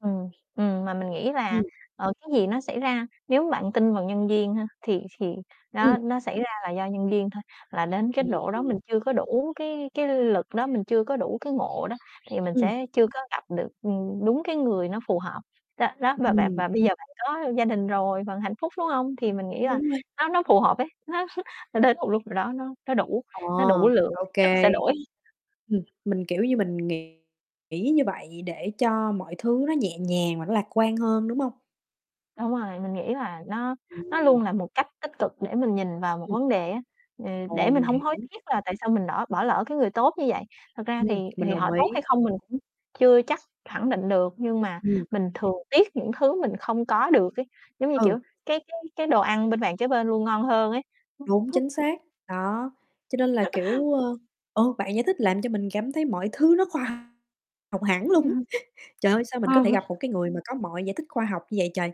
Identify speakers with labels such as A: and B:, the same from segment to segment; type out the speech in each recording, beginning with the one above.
A: Ừm, ừm, mà mình nghĩ là,
B: Ừm.
A: ờ, cái gì nó xảy ra nếu bạn tin vào nhân duyên ha, thì thì
B: Ừm.
A: đó nó xảy ra là do nhân duyên thôi. Hoặc là đến cái
B: Ừm,
A: độ đó,
B: ừm.
A: mình chưa có đủ cái cái lực đó, mình chưa có đủ cái ngộ đó, thì mình
B: Ừm.
A: sẽ chưa có gặp được, ừm, đúng cái người nó phù hợp. Đó đó, và bạn
B: Ừm.
A: và bây giờ bạn có gia đình rồi vận hạnh phúc, đúng hông? Thì mình nghĩ là
B: Đúng rồi.
A: nó nó phù hợp ấy. Nó nó đến một lúc nào đó, nó nó đủ
B: Ồ,
A: nó đủ lượng
B: ô
A: thì chất
B: kê.
A: sẽ đổi.
B: Ừm, mình, kiểu như, mình nghĩ nghĩ như vậy để cho mọi thứ nó nhẹ nhàng và nó lạc quan hơn, đúng hông?
A: Đúng rồi, mình nghĩ là nó nó
B: Ừm.
A: luôn là một cách tích cực để mình nhìn vào một
B: Ừm.
A: vấn đề á. Ừ, để
B: Ồ,
A: mình
B: mình
A: hông hối
B: hiểu.
A: tiếc là tại sao mình nỏ bỏ lỡ cái người tốt như vậy. Thật ra
B: Ừm,
A: thì
B: mình
A: thì họ
B: đồng
A: tốt
B: ý.
A: hay không mình cũng chưa chắc khẳng định được, nhưng mà
B: Ừm.
A: mình thường tiếc những thứ mình không có được ấy, giống như,
B: Ừ.
A: kiểu, cái cái cái đồ ăn bên bàn kế bên luôn ngon hơn ấy.
B: Đúng, chính xác, đó. Cho nên là, kiểu, ơ ờ, bạn giải thích làm cho mình cảm thấy mọi thứ nó khoa học hẳn luôn
A: Vậy
B: ấy.
A: hả?
B: Trời ơi! Sao mình có
A: Ờ h
B: thể gặp một cái người mà có mọi giải thích khoa học như vậy trời?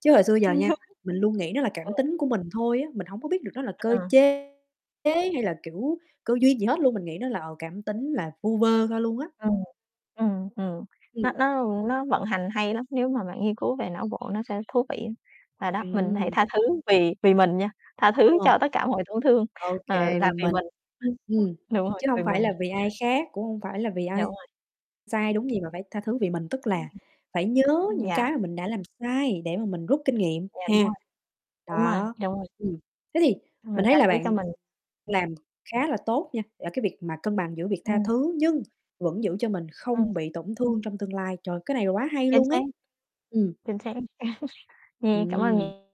B: Chứ hồi xưa giờ nha, mình luôn nghĩ nó là
A: Ờ.
B: cảm tính của mình thôi á, mình hổng có biết được nó là cơ
A: Ờ.
B: chế chế hay là, kiểu, cơ duyên gì hết luôn, mình nghĩ nó là, ờ, cảm tính là vu vơ thôi luôn á.
A: Ừm, ừm, ừm. Nó
B: Ừm.
A: nó, ưm, nó vận hành hay lắm, nếu mà bạn nghiên cứu về não bộ nó sẽ thú vị. Và đó, mình hãy
B: Ừm.
A: tha thứ vì vì mình nha, tha
B: Ờ,
A: thứ cho tất cả mọi tổn thương,
B: OK,
A: ờ, là
B: vì
A: vì
B: mình.
A: mình, [unintelligible]
B: Ừm,
A: đúng rồi,
B: chứ
A: vì
B: hông phải
A: mình.
B: là vì ai khác, cũng hông phải là vì
A: Yeah, đúng
B: ai
A: rồi.
B: sai ai đúng gì, mà phải tha thứ vì mình. Tức là
A: [unintelligible]
B: phải nhớ những cái
A: Yeah.
B: mà mình đã làm sai để mà mình rút kinh nghiệm
A: Yeah, đúng
B: ha.
A: rồi, đúng rồi,
B: Đó,
A: đúng rồi.
B: ừm. Thế thì
A: Mình
B: mình thấy
A: tha
B: là
A: thứ cho mình.
B: bạn làm khá là tốt nha, ở cái việc mà cân bằng giữa việc tha
A: Ừm.
B: thứ nhưng vẫn giữ cho mình
A: Ừm.
B: không bị tổn thương trong tương lai. Trời, cái này là quá hay
A: Chính
B: luôn
A: xác,
B: ấy! Ừm.
A: chính xác, yeah, cảm ơn
B: Ừm.
A: nh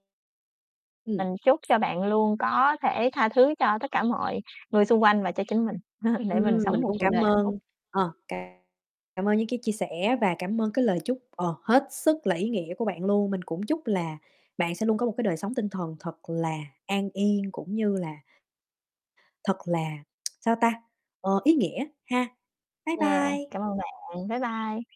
B: Ừm.
A: Mình chúc cho bạn luôn có thể tha thứ cho tất cả mọi người xung quanh và cho chính mình, để mình
B: Ừm,
A: sống
B: mình
A: một
B: cũng
A: cuộc
B: cảm
A: đời hạnh phúc.
B: ơn, ờ, c cảm ơn những cái chia sẻ và cảm ơn cái lời chúc, ờ, hết sức là ý nghĩa của bạn luôn. Mình cũng chúc là bạn sẽ luôn có một cái đời sống tinh thần thật là an yên cũng như là thật là, sao ta, ờ, ý nghĩa ha. Bye
A: Yeah,
B: bye.
A: cảm ơn bạn, bye bye.